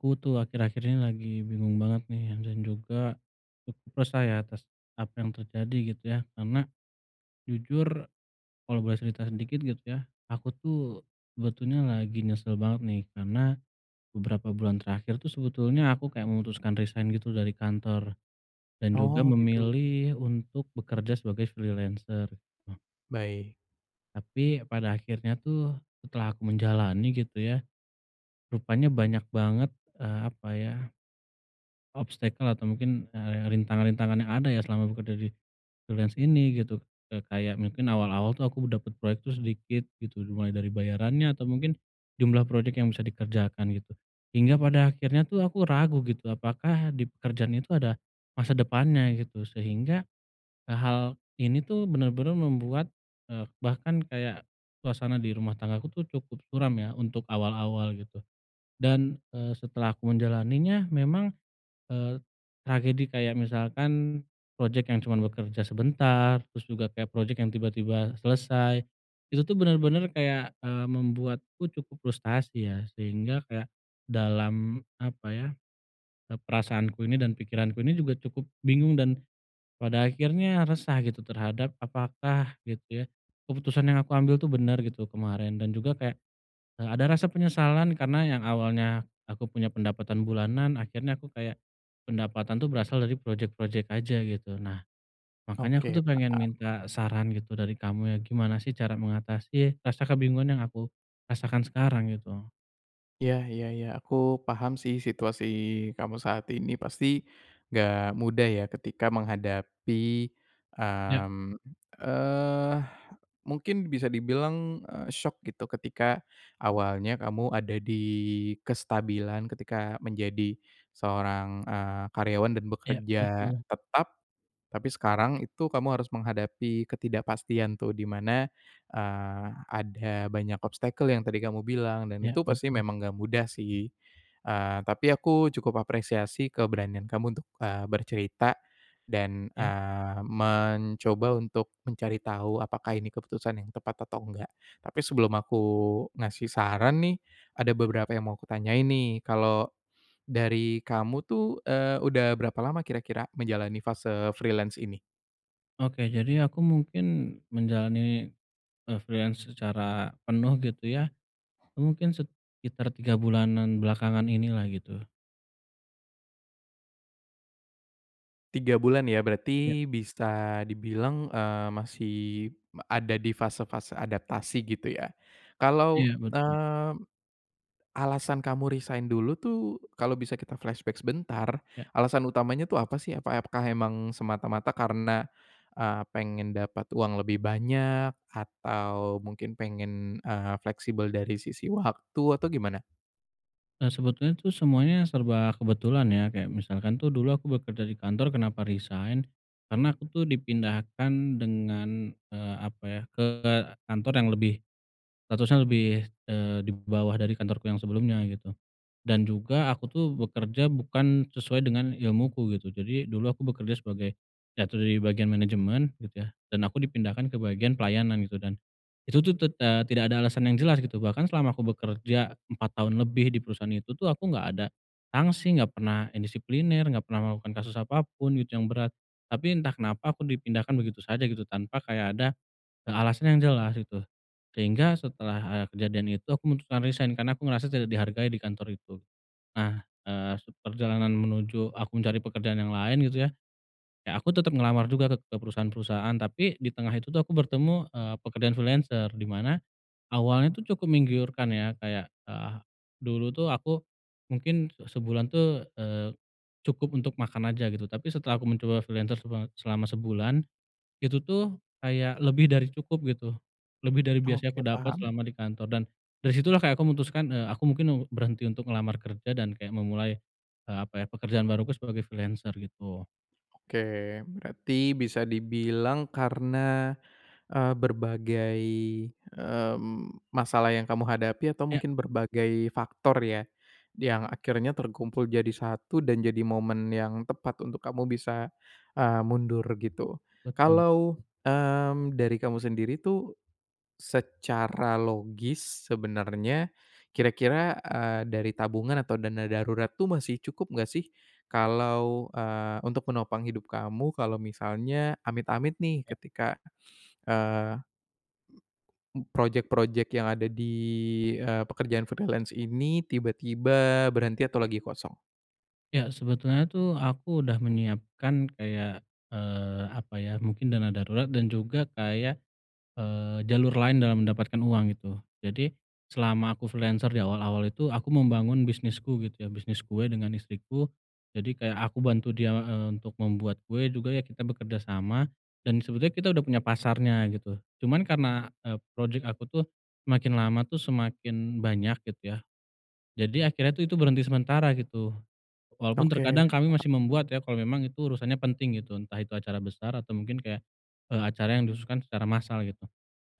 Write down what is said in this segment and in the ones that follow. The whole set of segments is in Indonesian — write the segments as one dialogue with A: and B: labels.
A: Aku tuh akhir-akhir ini lagi bingung banget nih dan juga, cukup resah ya atas apa yang terjadi gitu ya karena, jujur kalau boleh cerita sedikit gitu ya aku tuh sebetulnya lagi nyesel banget nih karena, beberapa bulan terakhir tuh sebetulnya aku kayak memutuskan resign gitu dari kantor, dan juga
B: Oh gitu.
A: memilih untuk bekerja sebagai freelancer.
B: Baik.
A: Tapi pada akhirnya tuh setelah aku menjalani gitu ya, rupanya banyak banget, eee, apa ya obstacle atau mungkin, eee, rintangan-rintangan yang ada ya selama bekerja di freelance ini gitu, eee, kayak mungkin awal-awal tuh aku dapat proyek tuh sedikit gitu dimulai dari bayarannya atau mungkin jumlah project yang bisa dikerjakan gitu, hingga pada akhirnya tuh aku ragu gitu apakah di pekerjaan itu ada, masa depannya gitu sehingga, eee, hal ini tuh benar-benar membuat, eee, bahkan kayak suasana di rumah tangga aku tuh cukup suram ya, untuk awal-awal gitu, dan, eee, setelah aku menjalaninya memang, eee, tragedi kayak misalkan project yang cuma bekerja sebentar terus juga kayak project yang tiba-tiba selesai, itu tuh benar-benar kayak, eee, membuatku cukup frustasi ya, sehingga kayak dalam apa ya, eee, perasaanku ini dan pikiranku ini juga cukup bingung dan pada akhirnya resah gitu terhadap apakah gitu ya, keputusan yang aku ambil tuh bener gitu kemarin, dan juga kayak, eee, ada rasa penyesalan karena yang awalnya aku punya pendapatan bulanan akhirnya aku kayak pendapatan tuh berasal dari project-project aja gitu nah, makanya aku
B: Oke
A: tuh pengen
B: paham.
A: minta saran gitu dari kamu ya gimana sih cara mengatasi rasa kebingungan yang aku rasakan sekarang gitu.
B: Iya iya iya aku paham sih situasi kamu saat ini pasti, nggak mudah ya ketika menghadapi,
A: Iya.
B: mmm, eee, mungkin bisa dibilang, eee, syok gitu ketika awalnya kamu ada di kestabilan ketika menjadi seorang, eee, karyawan dan
A: Iya
B: bekerja
A: betul.
B: tetap, tapi sekarang itu kamu harus menghadapi ketidakpastian tuh di mana, eee, ada banyak obstacle yang tadi kamu bilang dan
A: Iya
B: itu pasti
A: betul.
B: memang enggak mudah sih, eee, tapi aku cukup apresiasi keberanian kamu untuk, eee, bercerita dan,
A: Iya.
B: eee, mencoba untuk mencari tahu apakah ini keputusan yang tepat atau nggak tapi sebelum aku ngasih saran nih ada beberapa yang mau aku tanyain nih kalau, dari kamu tuh eee, udah berapa lama kira-kira menjalani fase freelance ini?
A: Oke jadi aku mungkin menjalani, eee, freelance secara penuh gitu ya, mungkin sekitar 3 bulanan belakangan inilah gitu.
B: 3 bulan ya
A: Iya.
B: berarti bisa dibilang, eee, masih ada di fase-fase adaptasi gitu ya, kalau,
A: Iya betul.
B: eee, alasan kamu resign dulu tuh kalau bisa kita flashback sebentar
A: Iya.
B: alasan utamanya tuh apa sih? Apakah emang semata-mata karena, eee, pengen dapat uang lebih banyak atau mungkin pengen, eee, fleksibel dari sisi waktu atau gimana?
A: Eee, sebetulnya tuh semuanya serba kebetulan ya kayak misalkan tuh dulu aku bekerja di kantor kenapa resign? Karena aku tuh dipindahkan dengan, eee, apa ya ke kantor yang lebih statusnya lebih, eee, di bawah dari kantorku yang sebelumnya gitu, dan juga aku tuh bekerja bukan sesuai dengan ilmuku gitu jadi dulu aku bekerja sebagai, jatuh dari bagian management gitu ya dan aku dipindahkan ke bagian pelayanan gitu dan, itu tuh tet eee, tidak ada alasan yang jelas gitu bahkan selama aku bekerja 4 tahun lebih di perusahaan itu tuh aku nggak ada sanksi, nggak pernah indisipliner, nggak pernah melakukan kasus apapun gitu yang berat, tapi entah kenapa aku dipindahkan begitu saja gitu tanpa kayak ada, eee, alasan yang jelas gitu sehingga setelah, eee, kejadian itu aku memutuskan resign karena aku ngerasa tidak dihargai di kantor itu, nah, eee, seperjalanan menuju aku mencari pekerjaan yang lain gitu ya, ya aku tetap ngelamar juga ke ke perusahaan-perusahaan, tapi di tengah itu tuh aku bertemu, eee, pekerjaan freelancer dimana, awalnya tuh cukup menggiurkan ya kayak, eh dulu tuh aku mungkin sebulan tuh, eee, cukup untuk makan aja gitu tapi setelah aku mencoba freelancer sebat selama sebulan, itu tuh kayak lebih dari cukup gitu, lebih dari biasanya
B: Oke
A: aku dapat
B: paham.
A: selama di kantor dan dari situlah kayak aku memutuskan, eee, aku mungkin berhenti untuk ngelamar kerja dan kayak memulai, eee, apa ya pekerjaan baruku sebagai freelancer gitu.
B: Oke berarti bisa dibilang karena, eee, berbagai, mmm, masalah yang kamu hadapi atau
A: Iya.
B: mungkin berbagai faktor ya, yang akhirnya terkumpul jadi satu dan jadi momen yang tepat untuk kamu bisa, eee, mundur gitu.
A: Betul.
B: Kalau, mmm, dari kamu sendiri tuh, secara logis sebenarnya kira-kira, eee, dari tabungan atau dana darurat tuh masih cukup gak sih kalau, eee, untuk menopang hidup kamu kalau misalnya amit-amit nih
A: Iya.
B: ketika, eee, project-project yang ada di, eee, pekerjaan freelance ini tiba-tiba berhenti atau lagi kosong?
A: Ya sebetulnya tuh aku udah menyiapkan kayak, eee, apa ya mungkin dana darurat dan juga kayak, eee, jalur lain dalam mendapatkan uang gitu, jadi selama aku freelancer di awal-awal itu aku membangun bisnisku gitu ya, bisnis kue dengan istriku, jadi kayak aku bantu dia, eee, untuk membuat kue juga ya kita bekerja sama, dan sebetulnya kita udah punya pasarnya gitu, cuman karena, eee, project aku tuh semakin lama tuh semakin banyak gitu ya, jadi akhirnya tuh itu berhenti sementara gitu, walaupun
B: Oke.
A: terkadang kami masih membuat ya kalau memang itu urusannya penting gitu, entah itu acara besar atau mungkin kayak, eee, acara yang dikhususkan secara masal gitu,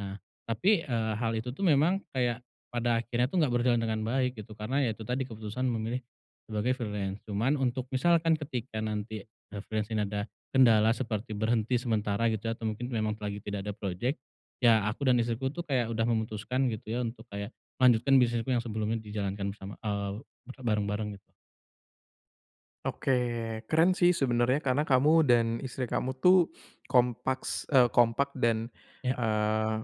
A: nah tapi, eee, hal itu tuh memang kayak pada akhirnya tuh gak berjalan dengan baik gitu karena ya itu tadi keputusan memilih sebagai freelance cuman untuk misalkan ketika nanti, eee, freelance ini ada kendala seperti berhenti sementara gitu, atau mungkin memang lagi tidak ada project, ya aku dan istriku tuh kayak udah memutuskan gitu ya untuk kayak melanjutkan bisnisku yang sebelumnya dijalankan bersama eee, berbareng-bareng gitu.
B: Oke keren sih sebenarnya karena kamu dan istri kamu tuh kompaks eee, kompak dan,
A: Iya.
B: eee,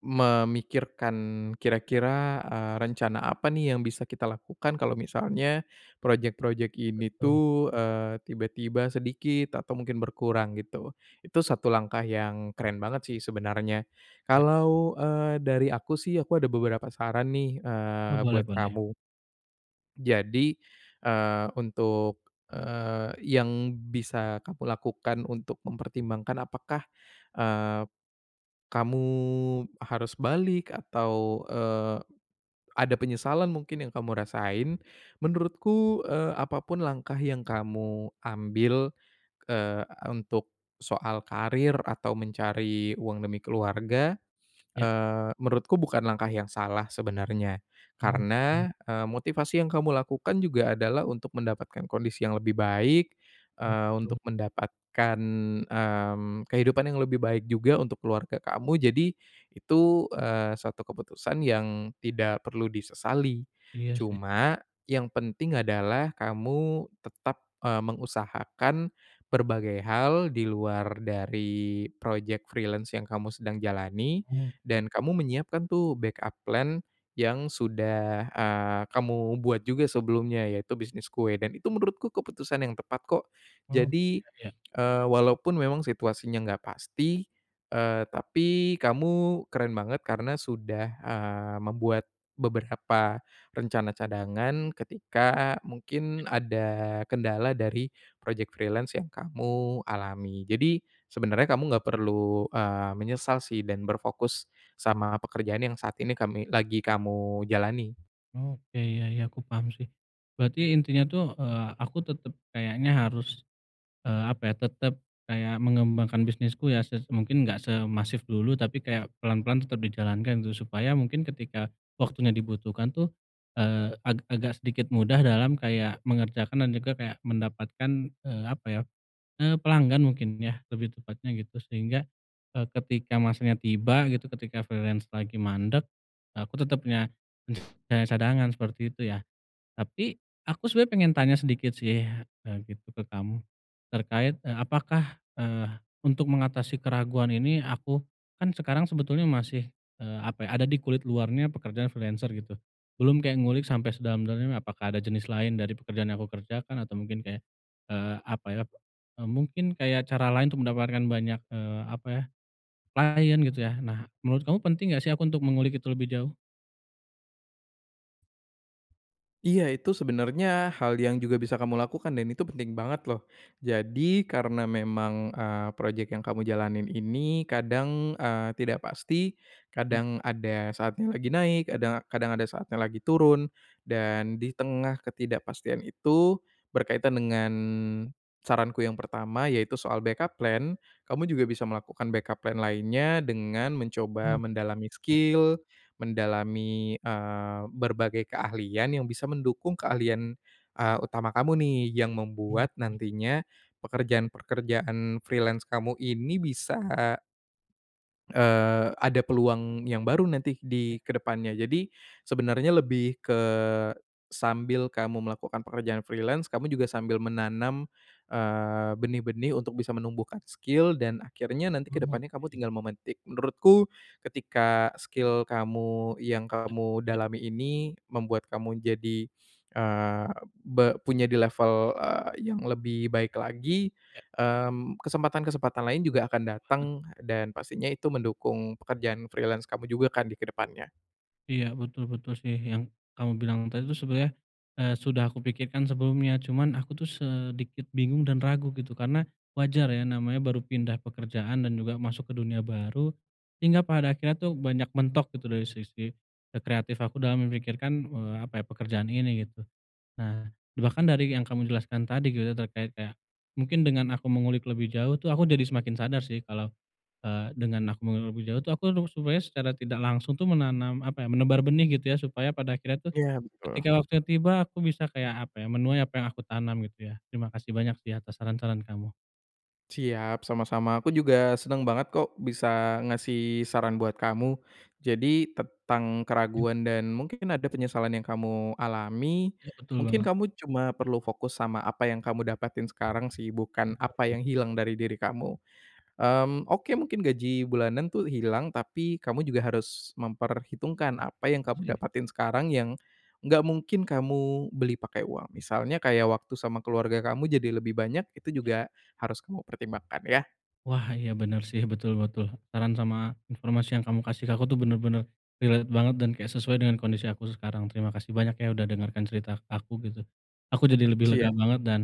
B: memikirkan kira-kira, eee, rencana apa nih yang bisa kita lakukan kalau misalnya project-project ini
A: Betul.
B: tuh, eee, tiba-tiba sedikit atau mungkin berkurang gitu, itu satu langkah yang keren banget sih sebenarnya,
A: Iya.
B: kalau, eee, dari aku sih aku ada beberapa saran nih,
A: Oh
B: eee,
A: boleh
B: buat
A: boleh.
B: kamu. Jadi, eee, untuk, eee, yang bisa kamu lakukan untuk mempertimbangkan apakah, eee, kamu harus balik atau, eee, ada penyesalan mungkin yang kamu rasain menurutku, eee, apa pun langkah yang kamu ambil, eee, untuk soal karir atau mencari uang demi keluarga,
A: Iya.
B: eee, menurutku bukan langkah yang salah sebenarnya
A: Oke.
B: karena, eee, motivasi yang kamu lakukan juga adalah untuk mendapatkan kondisi yang lebih baik, eee,
A: Betul.
B: untuk mendapatkan, mmm, kehidupan yang lebih baik juga untuk keluarga kamu jadi, itu, eee, suatu keputusan yang tidak perlu disesali,
A: Iya sih.
B: cuma yang penting adalah kamu tetap, eee, mengusahakan berbagai hal di luar dari project freelance yang kamu sedang jalani
A: Oh iya.
B: dan kamu menyiapkan tuh backup plan yang sudah, eee, kamu buat juga sebelumnya yaitu bisnis kue dan itu menurutku keputusan yang tepat kok,
A: Oh
B: jadi,
A: iya iya.
B: eee, walaupun memang situasinya enggak pasti, eee, tapi kamu keren banget karena sudah, eee, membuat beberapa rencana cadangan ketika
A: Ya.
B: mungkin ada kendala dari project freelance yang kamu alami jadi sebenarnya kamu nggak perlu, eee, menyesal sih dan berfokus sama pekerjaan yang saat ini kami lagi kamu jalani.
A: Oke iya iya iya aku paham sih, berarti intinya tuh, eee, aku tetap kayaknya harus, eee, apa ya, tetap kayak mengembangkan bisnisku ya ses mungkin nggak semasif dulu tapi kayak pelan-pelan tetap dijalankan gitu supaya mungkin ketika waktunya dibutuhkan tuh, eee, ag agak sedikit mudah dalam kayak mengerjakan dan juga kayak mendapatkan, eee, apa ya, eee, pelanggan mungkin ya lebih tepatnya gitu sehingga, eee, ketika masanya tiba gitu ketika freelance lagi mandek aku tetap punya punya cadangan seperti itu ya, tapi aku sebenernya pengen tanya sedikit sih, eee, gitu ke kamu terkait, eee, apakah, eee, untuk mengatasi keraguan ini aku kan sekarang sebetulnya masih, eee, apa ya ada di kulit luarnya pekerjaan freelancer gitu belum kayak ngulik sampai sedalam-dalamnya apakah ada jenis lain dari pekerjaan yang aku kerjakan atau mungkin kayak, eee, apa ya, eee, mungkin kayak cara lain untuk mendapatkan banyak, eee, apa ya, klien gitu ya, nah menurut kamu penting gak sih aku untuk mengulik itu lebih jauh?
B: Iya, itu sebenarnya hal yang juga bisa kamu lakukan dan itu penting banget loh. Jadi, karena memang, eee, projek yang kamu jalanin ini kadang, eee, tidak pasti,
A: Iya.
B: kadang ada saatnya lagi naik, kadang kadang ada saatnya lagi turun. Dan di tengah ketidakpastian itu, berkaitan dengan, saranku yang pertama yaitu soal backup plan, kamu juga bisa melakukan backup plan lainnya dengan mencoba
A: Oke,
B: mendalami
A: ya.
B: skill, mendalami, eee, berbagai keahlian yang bisa mendukung keahlian, eee, utama kamu nih yang membuat
A: Mungkin.
B: nantinya, pekerjaan-pekerjaan freelance kamu ini bisa eee, ada peluang yang baru nanti
A: Ya.
B: di kedepannya. Jadi, sebenarnya lebih ke sambil kamu melakukan pekerjaan freelance, kamu juga sambil menanam, eee, benih-benih untuk bisa menumbuhkan skill dan akhirnya nanti kedepannya kamu
A: Oke.
B: tinggal memetik, menurutku, ketika skill kamu yang
A: Ah,
B: kamu
A: iya.
B: dalami ini membuat kamu jadi, eee, be punya di level, eee, yang lebih baik lagi,
A: Iya.
B: mmm, kesempatan-kesempatan lain juga akan
A: Betul
B: datang,
A: banget.
B: dan pastinya itu mendukung pekerjaan freelance kamu juga kan di kedepannya.
A: Iya, betul betul sih, yang kamu bilang tadi tuh sebenernya, eee, sudah aku pikirkan sebelumnya, cuman aku tuh sedikit bingung dan ragu gitu, karena wajar ya, namanya baru pindah pekerjaan dan juga masuk ke dunia baru, hingga pada akhirnya tuh banyak mentok gitu dari sisi e kreatif aku dalam memikirkan, eee, apa ya, pekerjaan ini gitu. Nah, bahkan dari yang kamu jelaskan tadi gitu terkait kayak, mungkin dengan aku mengulik lebih jauh tuh, aku jadi semakin sadar sih kalau, eee, dengan aku mengulik lebih jauh tuh, aku tuh sebenarnya secara tidak langsung tuh menanam apa ya, menebar benih gitu ya, supaya pada akhirnya tuh,
B: Iya, betul.
A: ketika waktunya tiba aku bisa kayak apa ya, menuai apa yang aku tanam gitu ya. Terima kasih banyak sih atas saran-saran kamu.
B: Siap, sama-sama, aku juga senang banget kok, bisa ngasih saran buat kamu. Jadi tentang
A: Iya.
B: keraguan dan mungkin ada penyesalan yang kamu alami,
A: Iya, betul
B: mungkin
A: banget.
B: kamu cuma perlu fokus sama apa yang kamu dapatin sekarang sih,
A: Hmm,
B: bukan apa
A: oke.
B: yang hilang dari diri kamu. Mmm, oke, mungkin gaji bulanan tuh hilang, tapi kamu juga harus
A: Mmm,
B: memperhitungkan apa yang
A: betul
B: kamu
A: sih.
B: dapatin sekarang yang enggak mungkin kamu beli pakai uang, misalnya kayak waktu sama keluarga kamu jadi lebih banyak, itu
A: Ya.
B: juga harus kamu pertimbangkan ya.
A: Wah, iya, bener sih, betul betul. Saran sama informasi yang kamu kasih ke aku tuh bener-bener relate banget dan kayak sesuai dengan kondisi aku sekarang, terima kasih banyak ya, udah dengarkan cerita k aku gitu. Aku jadi lebih lega
B: Siap.
A: banget dan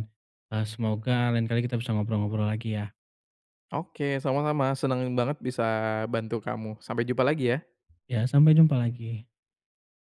A: e semoga lain kali kita bisa ngobrol-ngobrol lagi ya.
B: Oke, sama-sama, senengin banget bisa bantu kamu, sampai jumpa lagi ya.
A: Ya, sampai jumpa lagi.